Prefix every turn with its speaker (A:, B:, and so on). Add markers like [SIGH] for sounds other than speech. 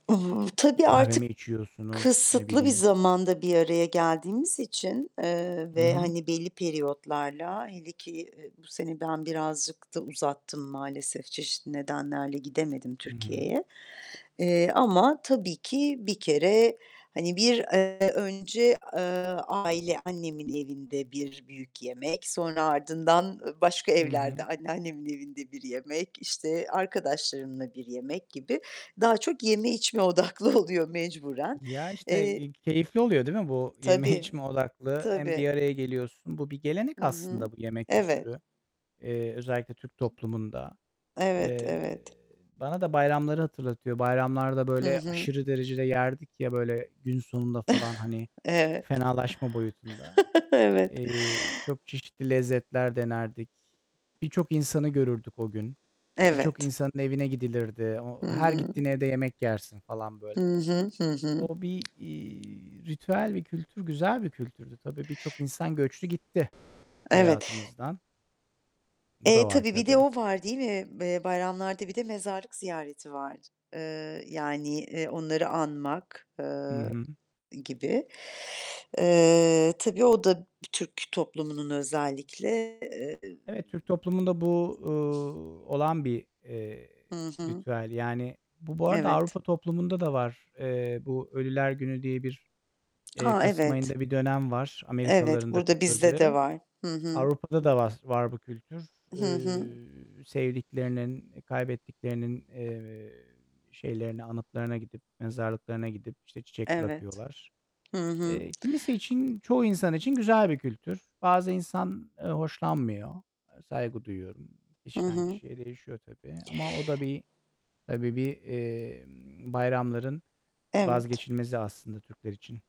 A: I hı. Tabii,
B: Kahve mi
A: artık
B: içiyorsunuz, ne
A: kısıtlı bir
B: bileyim
A: zamanda bir araya geldiğimiz için, eee,
B: Hı
A: ve,
B: hı.
A: hani, belli periyotlarla, hele ki, eee, bu sene ben birazcık da uzattım maalesef. Çeşitli nedenlerle gidemedim
B: Hı hı.
A: Türkiye'ye, eee ,ama tabii ki bir kere, hani, bir, eee, önce, eee, aile annemin evinde bir büyük yemek. Sonra ardından, eee, başka
B: Hı hı.
A: evlerde, anneannemin evinde bir yemek, işte, arkadaşlarımla bir yemek gibi daha çok yeme içme odaklı oluyor mecburen.
B: Ya, işte,
A: Eee
B: eee, keyifli oluyor, değil mi? Bu yeme
A: Tabii.
B: içme odaklı hem
A: Tabii.
B: bir araya geliyorsun. Bu bir
A: Hı
B: gelenek
A: hı.
B: aslında bu yeme
A: Evet.
B: kültürü. Eee, özellikle Türk toplumunda.
A: Evet.
B: Eee,
A: Evet.
B: bana da bayramları hatırlatıyor. Bayramlarda
A: Hı
B: böyle
A: hı.
B: aşırı derecede yerdik, ya, böyle, gün sonunda falan,
A: [CHUCKLES]
B: hani,
A: Evet.
B: fenalaşma boyutunda.
A: [CHUCKLES] Evet.
B: Eee, çok çeşitli lezzetler denerdik. Birçok insanı görürdük o gün. Birçok
A: Evet.
B: insanın evine gidilirdi.
A: Hı
B: O her
A: hı.
B: gittiğin evde yemek yersin falan
A: Hı
B: böyle.
A: hı. Hı hı.
B: O bir, iii, ritüel bir kültür, güzel bir kültürdü. Tabii, birçok insan göçtü gitti
A: Evet.
B: hayatımızdan. Bu da
A: Eee,
B: var
A: tabii, Bir de
B: tabii.
A: o var, değil mi? Eee, bayramlarda bir de mezarlık ziyareti var. Iıı, yani, eee, onları anmak,
B: Hı
A: ııı,
B: hı.
A: gibi. Eee, tabii, o da bir Türk toplumunun özellikle, eee
B: Evet. Türk toplumunda bu, uuu, olan bir, eee,
A: Hı hı.
B: ritüel. Yani, bu, bu arada Avrupa
A: Evet.
B: toplumunda da var. Eee, bu ölüler günü diye bir, eee,
A: Ha,
B: kasım
A: evet.
B: ayında bir dönem var,
A: Evet,
B: Amerikalılar'ın da
A: burada bizde de
B: kutladığı.
A: var. Hı hı.
B: Avrupa'da da vaz var bu kültür.
A: Hı hı.
B: Iıı, sevdiklerinin, kaybettiklerinin, eee, şeylerine, anıtlarına gidip, mezarlıklarına gidip, işte, çiçek
A: Evet.
B: bırakıyorlar.
A: Hı hı.
B: Eee, kimisi için çoğu insan için güzel bir kültür. Bazı insan, eee, hoşlanmıyor. Eee, saygı duyuyorum.
A: Hı
B: Kişiden
A: hı.
B: kişiye değişiyor tabii ama o da bir, tabii bir, emm, bayramların
A: Evet.
B: vazgeçilmezi aslında Türkler için.